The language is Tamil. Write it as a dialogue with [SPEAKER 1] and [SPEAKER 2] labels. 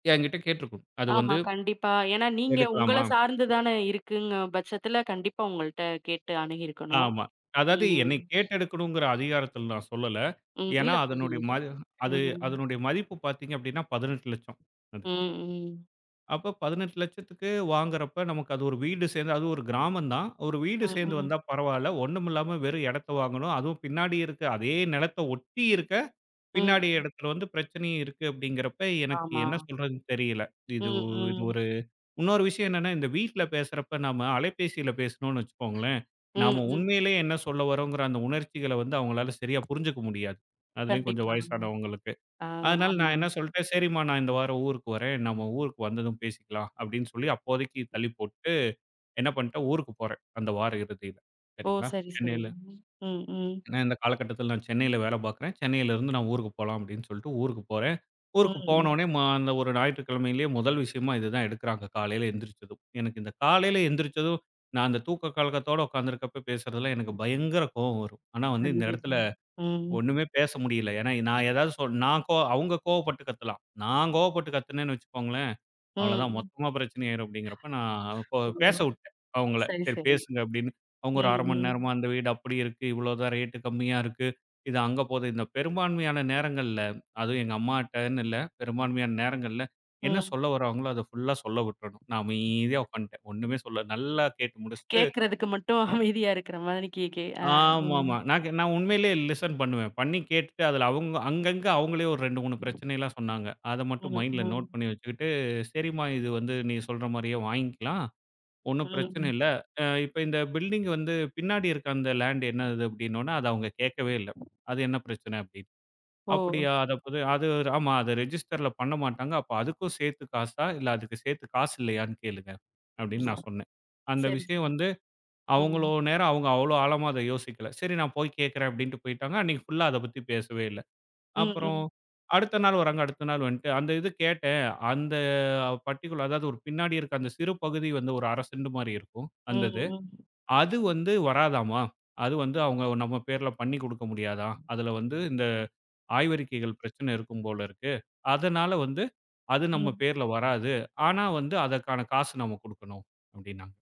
[SPEAKER 1] என்கிட்ட கேட்டுருக்கும். அது வந்து
[SPEAKER 2] ஆமா கண்டிப்பா. ஏன்னா நீங்க உங்கள
[SPEAKER 1] எடுக்கலாமா?
[SPEAKER 2] சார்ந்துதான இருக்குங்கற பட்சத்துல, கண்டிப்பா உங்கள்ட்ட கேட்டு அணுகியிருக்கணும்.
[SPEAKER 1] ஆமா. அதாவது
[SPEAKER 2] ம்.
[SPEAKER 1] என்னை கேட்டெடுக்கணும்ங்குற அதிகாரத்துல நான் சொல்லல.
[SPEAKER 2] ம்.
[SPEAKER 1] ஏன்னா
[SPEAKER 2] இல்லப்
[SPEAKER 1] அதனுடய
[SPEAKER 2] புரியுது,
[SPEAKER 1] மது அது
[SPEAKER 2] ம்.
[SPEAKER 1] அதனுடைய மதிப்பு பாத்தீங்கன்னா, ரூ.18,00,000 அது.
[SPEAKER 2] ம்ஹ்ம்.
[SPEAKER 1] அப்ப ரூ.18,00,000க்கு வாங்குறப்ப நமக்கு அது ஒரு வீடு சேந்து அது ஒரு கிராமம் தான். ஒரு வீடு சேந்து
[SPEAKER 2] ம்ஹ்ம்.
[SPEAKER 1] வந்தா பரவால்ல. ஒண்ணும் இல்லாம வெறும் இடத்த வாங்கணும். அதுவும் பின்னாடி இருக்க. அதே நிலத்த ஒட்டி இருக்க,
[SPEAKER 2] ம்.
[SPEAKER 1] பின்னாடி இடத்துல வந்து பிரச்சனையும் இருக்கு அப்டிங்குறப்ப எனக்கு
[SPEAKER 2] ஆமா.
[SPEAKER 1] என்ன சொல்றதுன்னு தெரியல. இது
[SPEAKER 2] ம்,
[SPEAKER 1] ஒ
[SPEAKER 2] ம்.
[SPEAKER 1] ஒரு இன்னொரு விஷயம் என்னன்னா, இந்த வீட்ல பேசுறப்ப நம்ம அலைபேசியில பேசணும்னு வெச்சுக்கோங்களேன், நம்ம
[SPEAKER 2] ம், ம்.
[SPEAKER 1] உண்மயிலயே என்ன சொல்ல வர்றோங்குற அந்த உணர்ச்சிகள வந்து, அவங்களால சரியா புரிஞ்சுக்க முடியாது, அதுலயும் கொஞ்சம்
[SPEAKER 2] கண்டிப்பா,
[SPEAKER 1] வயசானவங்களுக்கு.
[SPEAKER 2] ஆ,
[SPEAKER 1] அதனால நான்
[SPEAKER 2] ஆமாம்.
[SPEAKER 1] என்ன சொல்ட்டேன். சரிம்மா நான் இந்த வாரம் ஊருக்கு வரேன். நம்ம ஊருக்கு வந்ததும் பேசிக்கலாம் அப்டின்னு சொல்லி அப்போதைக்கு தள்ளிப் போட்டுட்டு என்ன பண்ட்டேன், ஊருக்குப் போறேன், அந்த வார இறுதியில
[SPEAKER 2] ஓ!
[SPEAKER 1] சரிங்களா.
[SPEAKER 2] சரி, சரி.
[SPEAKER 1] சென்னைல
[SPEAKER 2] ம், ம்.
[SPEAKER 1] ஏன்னா, இந்த காலகட்டத்துல நான் சென்னைல வேல பாக்குறேன். சென்னைல இருந்து நான் ஊருக்குப் போலாம் அப்டின்னு சொல்ட்டு ஊருக்குப் போறேன். ஊருக்குப்
[SPEAKER 2] ம்.
[SPEAKER 1] போனவுடனே மா அந்த ஒரு ஞாயிற்றுக்கிழமயிலயே முதல் விஷயமா இது தான் எடுக்குறாங்க, காலைல எந்திரிச்சதும். எனக்கு இந்த காலைல எந்திரிச்சதும் நான் அந்தத் தூக்கலக்கத்தோட உக்காந்துருக்கப்ப பேசுறதுலா எனக்குப் பயங்கர கோவம் வரும். ஆனா இந்த இடத்துல
[SPEAKER 2] கண்டிப்பா, ம்.
[SPEAKER 1] ஒண்ணுமே பேச முடியல. ஏன்னா, நான் எதாவது சொன்னா நான் கோ அவங்க கோவப்பட்டு கத்தலாம். நான் கோவப்பட்டு கத்துனேன்னு வெச்சுக்கோங்களேன், அவ்ளோதான்
[SPEAKER 2] ம்.
[SPEAKER 1] மொத்தமா பிரச்சனை ஆயிரும் அப்டிங்கிறப்ப, நான் பேச
[SPEAKER 2] ஓ.
[SPEAKER 1] அவ பேசவிட்டேன் அவங்கள.
[SPEAKER 2] சரி,
[SPEAKER 1] சரி
[SPEAKER 2] சரி.
[SPEAKER 1] பேசுங்க அப்டின்னு. அவங்க ஒரு
[SPEAKER 2] ம்,
[SPEAKER 1] 1/2 மணி
[SPEAKER 2] ம்.
[SPEAKER 1] நேரமா, "அந்த வீடு அப்டி இருக்கு. இவ்ளோதான் ரேட்டு கம்மியா இருக்கு. இது அங்க போகுது." இந்த பெரும்பான்மையான நேரங்கள்ல, அது எங்க அம்மாட்டனு இல்ல. பெரும்பான்மையான நேரங்கள்ல என்ன
[SPEAKER 2] ம்.
[SPEAKER 1] சொல்ல வரவங்களோ அத ஃபுல்லா சொல்ல விட்றனும். நான் அமைதியா உக்காந்துடேன். ஒண்ணுமே சொல்ல. நல்லா கேட்டு முடிச்சுட்டு
[SPEAKER 2] கேக்குறதுக்கு மட்டும் அமைதியா இருக்குற மாரி, கேக்கே அ, ம்.
[SPEAKER 1] ஆமாமா. நான் க நான் உண்மயிலயே லிசன் பண்ணுவேன். பண்ணி கேட்டுட்டு அதுல, அவங்க அங்கங்க அவங்களே ஒரு 2, 3 பிரச்சனைலாம் சொன்னாங்க. அத மட்டும்
[SPEAKER 2] ம்,
[SPEAKER 1] மைண்டுல நோட்
[SPEAKER 2] ம்.
[SPEAKER 1] பண்ணி வெச்சுக்கிட்டு. "சரிம்மா இது வந்து நீ சொல்ற மாரியே வாய்ங்க்கலாம். ஒண்ணும் பிரச்சன
[SPEAKER 2] ம்ஹ்ம்.
[SPEAKER 1] இல்ல. அ, இப்ப இந்த பில்டிங் வந்து பின்னாடி இருக்க அந்த லேண்ட் என்னது?" அப்டின்னொன்ன, அத அவங்க கேக்கவே இல்ல, அது என்ன பிரச்சன அப்டின்னு.
[SPEAKER 2] ஓ!
[SPEAKER 1] "அப்டியா, அது அப்பத அது ஆமா அது ரெஜிஸ்டர்ல பண்ண மாட்டாங்க. அப்ப அதுக்கும் சேத்து காசா, இல்ல அதுக்கு சேத்து காசு இல்லயான்னு கேளுங்க" அப்டின்னு நான் சொன்னேன். அந்த
[SPEAKER 2] செரி,
[SPEAKER 1] விஷயம்
[SPEAKER 2] செரி,
[SPEAKER 1] வந்து, அவ்வளோ
[SPEAKER 2] ம்.
[SPEAKER 1] நேரம், அவங்க அவ்ளோ ஆழமா யோசிக்கல. சரி நான் போய்க் கேக்குறேன், அப்டின்னுட்டு போய்ட்டாங்க. அன்னைக்கு ஃபுல்லா அத பத்தி பேசவே இல்ல.
[SPEAKER 2] ம்,
[SPEAKER 1] அப்புறம்
[SPEAKER 2] ம்.
[SPEAKER 1] அடுத்த நாள் வரங்க. அடுத்த நாள் வந்துட்டு அந்த இது கேட்டேன். "அந்த பட்டிக்குலர் அதாவது ஒரு பின்னாடி இருக்க அந்த சிறு பகுதி வந்து, ஒரு 1/2 செண்டு மாரி இருக்கும், அந்த இது.
[SPEAKER 2] ம்ஹ்ம்.
[SPEAKER 1] அது வந்து வராதாமா, அது வந்து அவங்க நம்ம பேர்ல பண்ணி குடுக்க முடியாதான். அதுல வந்து இந்த ஆய்வறிக்கைகள் பிரச்சன
[SPEAKER 2] ம்.
[SPEAKER 1] இருக்கும் போல இருக்கு. அதனால வந்து அது நம்ம
[SPEAKER 2] ம்.
[SPEAKER 1] பேர்ல வராது. ஆனா வந்து அதற்கான காசு நம்ம குடுக்கணும்." அப்டின்னாங்க.